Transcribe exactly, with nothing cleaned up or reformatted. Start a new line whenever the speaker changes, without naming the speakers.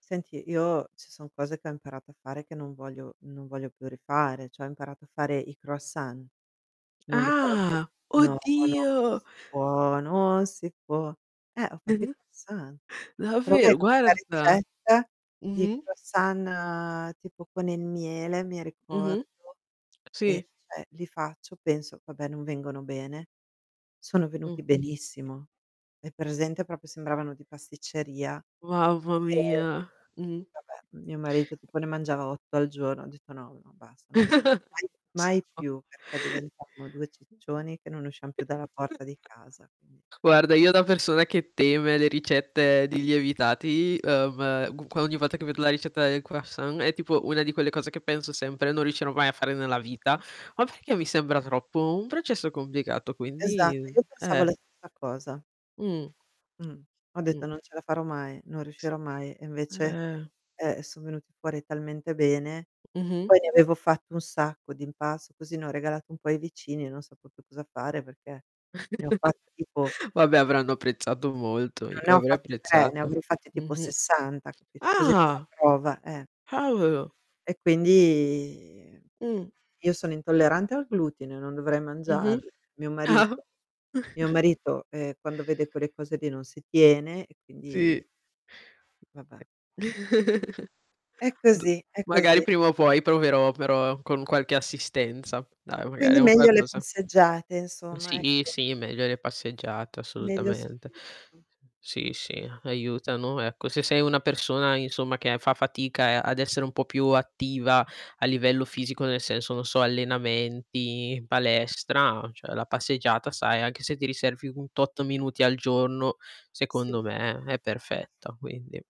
Senti, io ci son cose che ho imparato a fare che non voglio non voglio più rifare, cioè ho imparato a fare i croissant. Non li farò mai
Ah.
no, no, non
Oddio.
si può, non si può. Eh, ho fatto i croissant. Provai
Davvero,
questa
guarda.
ricetta di
Mh-mh.
croissant tipo con il miele, mi
Mh-mh.
ricordo, e
Sì.
cioè li faccio, penso vabbè non vengono bene, sono
Mh.
venuti benissimo. Hai presente propo sembravano di pasticceria,
Mamma
ehm,
mia. Mh.
vabbè mio marito tipo ne mangiava otto al giorno. Ho detto: "No, no basta non li faccio mai mai
[unintelligible]
più, perché diventavamo due
[unintelligible]
ciccioni che non usciam più dalla porta di casa", mh.
Guarda, io da persona che teme le ricette di lievitati, ehm, qu ogni volta che vedo la ricetta del croissant, è tipo una di quelle cose che penso sempre non riuscirò mai a fare nella vita, ma perché mi sembra troppo un processo complicato quindi,
Esatto, io
mhmm,
pensavo
eh.
la stessa cosa.
Mh.
Mh. Ho
Mh.
detto: "Non ce la farò mai, non riuscirò mai", e invece,
Eh.
eh, son venuti fuori talmente bene,
Mh-mh.
poi ne avevo fatto un sacco di impasto, così ne ho regalato un po' ai vicini e non sapevo più cosa fare, perché ne ho fatti tipo
Vabbè
[unintelligible]
avranno apprezzato molto, io
Non ne ho
avrei
fatti tre, ne
apprezzato.
avrò fatti tipo
Mh-mh.
sessanta, [unintelligible] così più la
Ah.
prova, eh.
[unintelligible]
E quindi,
Mh.
io sono intollerante al glutine, non dovrei
Mh-mh.
mangiarli. Mio
Ah.
marito mio marito, ehm, quando vede quelle cose lì non si tiene, e
Sì,
quindi vabbè. È
d
così, è
magari
così.
prima o poi proverò, però con qualche assistenza. Dai magari
Quindi
un
meglio le
qualcosa
passeggiate insomma,
Sì,
ecco.
sì, meglio le passeggiate,
Meglio
assolutamente.
sicuro.
Sì, sì, aiutano ecco, se sei una persona insomma che fa fatica a ad essere un po' più attiva a livello fisico, nel senso, non so, allenamenti, palestra, cioè la passeggiata sai, anche se ti riservi un tot minuti al giorno,
Sì.
secondo me è perfetta, quindi